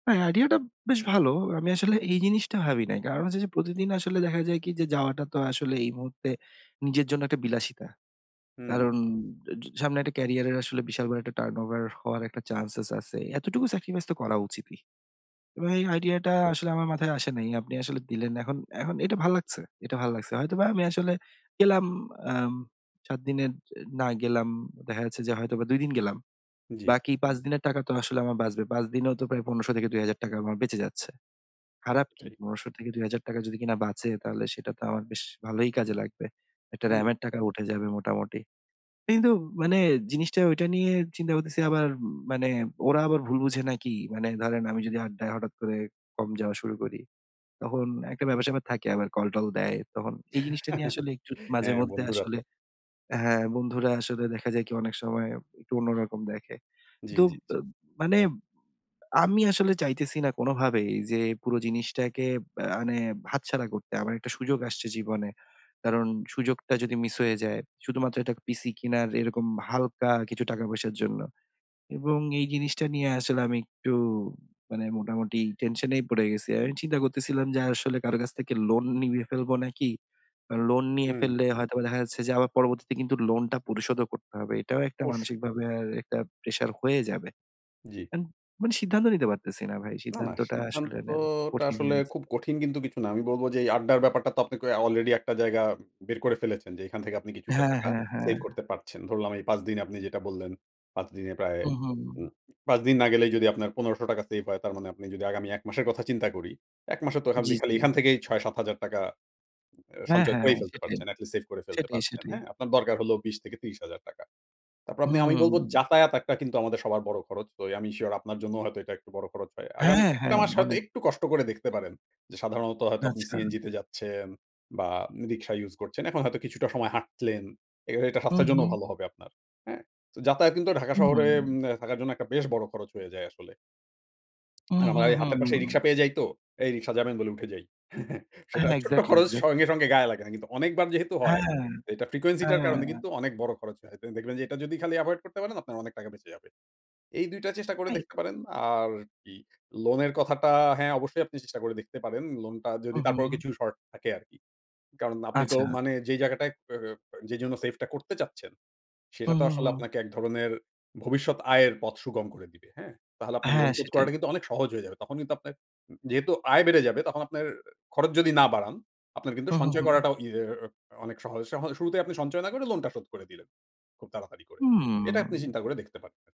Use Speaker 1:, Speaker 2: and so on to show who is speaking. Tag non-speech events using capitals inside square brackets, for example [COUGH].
Speaker 1: হ্যাঁ, আইডিয়াটা বেশ ভালো। আমি আসলে এই জিনিসটা ভাবি নাই। কারণ হচ্ছে যে, প্রতিদিন আসলে দেখা যায় কি যে, যাওয়াটা তো আসলে এই মুহূর্তে নিজের জন্য একটা বিলাসিতা।
Speaker 2: হুম।
Speaker 1: কারণ ঝ সামনে একটা ক্যারিয়ারের আসলে বিশাল একটা টার্নওভার হওয়ার একটা চান্সসেস আছে। এতটুকু স্যাক্রিফাইস তো করা উচিতই। এবং এই আইডিয়াটা আসলে আমার মাথায় আসে নাই। আপনি আসলে দিলেন। এখন, এখন, এটা ভাল লাগছে এটা ভাল লাগছে হয়তোবা আমি আসলে গেলাম আম ৭ দিনের না গেলাম। দেখা যাচ্ছে যে, হয়তোবা ২ দিন গেলাম।
Speaker 2: জি।
Speaker 1: বাকি ৫ দিনের টাকা তো আসলে আমার বাঁচবে। ৫ দিনেও তো প্রায় ১৫০০ থেকে ৳২০০০ আমার বেঁচে যাচ্ছে। খারাপ কি?
Speaker 2: এটাই।
Speaker 1: পণেরশো থেকে ৳২০০০ যদি কিনা বাঁচে তাহলে সেটা তো আমার বেশ ভালই কাজে লাগবে। একটা
Speaker 2: হুম।
Speaker 1: র‍্যামের টাকা উঠে যাবে মোটামুটি। কিন্তু মানে জিনিসটা ঐটা নিয়ে চিন্তা করতেছি আবার মানে "ওরা আবার ভুল বুঝে নাকি"? মানে ধরেন আমি যদি আড্ডায় হঠাৎ করে কম যাওয়া শুরু করি, তখন একটা ব্যাপার স্যাপার থাকে আবার কলটল দেয়। তখন এই জিনিসটা নিয়ে
Speaker 2: [CHUCKLES]
Speaker 1: আসলে একটু মাঝে
Speaker 2: হ্যাঁ,
Speaker 1: মধ্যে
Speaker 2: বন্ধুরা
Speaker 1: আসলে
Speaker 2: তো
Speaker 1: হ্যাঁ, বন্ধুরা আসলে দেখা যায় কি অনেক সময় একটু অন্যরকম দেখে।
Speaker 2: জি,
Speaker 1: তুব
Speaker 2: জি, জি।
Speaker 1: আ মানে আমি আসলে চাইতেছি না কোনভাবেই যে, পুরো জিনিসটাকে ব্য মানে হাত ছাড়া করতে। আমার একটা সুযোগ আসছে জীবনে। কারণ সুযোগটা যদি মিস হয়ে যায়, শুধুমাত্র একটা পিসি কিনার এরকম হালকা কিছু টাকা পয়সার জন্য। এবং এই জিনিসটা নিয়ে আসলে আমি একটু মানে মোটামুটি টেনশন এই পড়ে গেছি। আমি চিন্তা করতেছিলাম যে, আসলে কারো কাছ থেকে লোন নিয়ে ফেলবো নাকি? আ লোন নিয়ে
Speaker 2: হুম।
Speaker 1: ফেললে হয়তো বা দেখা যাচ্ছে যে, আবার পরবর্তীতে কিন্তু লোন টা পরিশোধ ও করতে হবে। এটাও একটা
Speaker 2: অবশ্যই।
Speaker 1: মানসিকভাবে আরএকটা প্রেশার হয়ে যাবে।
Speaker 2: জি।
Speaker 1: [UNINTELLIGIBLE] মানে সিদ্ধান্ত নিতে পারতেছি না ভাই।
Speaker 2: না, না,
Speaker 1: সিদ্ধান্তটা আসলে নেয়া খুব
Speaker 2: সিদ্ধান্তটা
Speaker 1: কঠিন হয়ে
Speaker 2: আসলে
Speaker 1: যাচ্ছে।
Speaker 2: খুব কঠিন কিন্তু কিছু না। আমি বলব যে, এই আড্ডার ব্যাপারটা তো আপনি ক অলরেডি একটা জায়গা বের করে ফেলেছেন যে, এখান থেকে আপনি কিছুটা
Speaker 1: হ্যাঁ,
Speaker 2: টাকা
Speaker 1: হ্যাঁ, হ্যাঁ,
Speaker 2: সেভ
Speaker 1: হ্যাঁ।
Speaker 2: করতে পারছেন। ধরলাম এই ৫ দিনে আপনি যেটা বললেন ৫ দিনে প্রায়
Speaker 1: হু,
Speaker 2: উ
Speaker 1: হুম।
Speaker 2: ৫ দিন না গেলেই যদি আপনার ১৫০০ সেভ হয় তার মানে আপনি যদি আগামী ১ মাসের কথা চিন্তা করি, ১ মাসে তো খাবলি
Speaker 1: জি,
Speaker 2: খালি
Speaker 1: জি।
Speaker 2: এখান থেকেই ৳৬-৭ এ
Speaker 1: হ্যাঁ,
Speaker 2: সঞ্চয়
Speaker 1: হ্যাঁ।
Speaker 2: করেই ফেলতে
Speaker 1: সেটাই,
Speaker 2: পারছেন, এট লিস্ট সেভ করে ফেলতে
Speaker 1: সেটাই,
Speaker 2: পারছেন।
Speaker 1: সেটাই।
Speaker 2: হ্যাঁ, আপনার দরকার হলো ২০ থেকে ৳৩০,০০০ তারপর আপনি আমি বলব
Speaker 1: হুম।
Speaker 2: যাতায়াত একটা কিন্তু আমাদের সবার বড় খরচ। আমি সিওর আপনার জন্য হয়তো এটা একটু বড় খরচ হয়। আগামী
Speaker 1: হ্যাঁ,
Speaker 2: ১ টা
Speaker 1: হ্যাঁ।
Speaker 2: মাস হয়তো
Speaker 1: অনেক।
Speaker 2: একটু কষ্ট করে দেখতে পারেন। যে, সাধারণত হয়তো আপনি
Speaker 1: আচ্ছা।
Speaker 2: সিএনজি তে যাচ্ছেন বা রিক্সা ইউস করছেন। এখন হয়তো কিছুটা সময় হাঁটলেন। এ এটা
Speaker 1: হু,
Speaker 2: স্বাস্থ্যের
Speaker 1: [BLOWS AIR]
Speaker 2: জন্যও
Speaker 1: হুম।
Speaker 2: ভালো হবে আপনার। হ্যাঁ, তো যাতায়াত কিন্তু ঢাকা
Speaker 1: হু,
Speaker 2: শহরে
Speaker 1: হুম।
Speaker 2: উম্নে থাকার জন্য একটা বেশ বড় খরচ হয়ে যায় আসলে।
Speaker 1: হু,
Speaker 2: আর আমার
Speaker 1: হু,
Speaker 2: এই
Speaker 1: হু,
Speaker 2: হাতের পাশেই
Speaker 1: হুম।
Speaker 2: রিক্সা পেয়ে যাই তো এই রিক্শা যাবেন বলে উঠে যাই। [CHUCKLES] সেটা
Speaker 1: হ্যাঁ।
Speaker 2: ছোট্ট
Speaker 1: এক্সাক্টলি,
Speaker 2: খরচ
Speaker 1: এক্সাক্টলি।
Speaker 2: সঙ্গে, সঙ্গে, গায়ে লাগে না কিন্তু অনেকবার যেহেতু হয়
Speaker 1: হ্যাঁ।
Speaker 2: এটা ফ্রিকোয়েন্সি টার কারণে
Speaker 1: হ্যাঁ।
Speaker 2: কিন্তু অনেক বড় খরচ হয়। তো দেখবেন যে, এটা যদি খালি এভয়েড করতে পারেন আপনার অনেক টাকা বেঁচে যাবে। এই ২ টা চেষ্টা করে
Speaker 1: তাই।
Speaker 2: দেখতে পারেন। আর কি লোন এর কথাটা হ্যাঁ, অবশ্যই আপনি চেষ্টা করে দেখতে পারেন। লোন টা
Speaker 1: হু,
Speaker 2: যদি তারপরও
Speaker 1: হুম।
Speaker 2: কিছু শর্ট থাকে আরকি। কারণ আপনি তো
Speaker 1: আচ্ছা।
Speaker 2: মানে যেই জায়গাটায় [UNINTELLIGIBLE] যে, জন্য সেফ টা করতে চাচ্ছেন।
Speaker 1: হু,
Speaker 2: সেটা তো
Speaker 1: হু,
Speaker 2: আসলে
Speaker 1: হুম।
Speaker 2: আপনাকে এক ধরনের ভবিষ্যৎ আয়ের পথ সুগম করে দিবে। হ্যাঁ? তাহলে আপনার লোন
Speaker 1: হ্যাঁ,
Speaker 2: শোধ
Speaker 1: সেটাই।
Speaker 2: করাটা কিন্তু অনেক সহজ হয়ে যাবে। তখন কিন্তু আপনার যেহেতু আয় বেড়ে যাবে, তখন আপনার খরচ যদি না বাড়ান আপনার কিন্তু
Speaker 1: হু, হু,
Speaker 2: সঞ্চয়
Speaker 1: হুম।
Speaker 2: করাটা ইয়া অনেক সহজ, সহজে, শুরুতেই আপনি সঞ্চয় না করে লোন টা শোধ করে দিলেন। খুব তাড়াতাড়ি করে।
Speaker 1: হুমম।
Speaker 2: এটা আপনি চিন্তা করে দেখতে পারেন।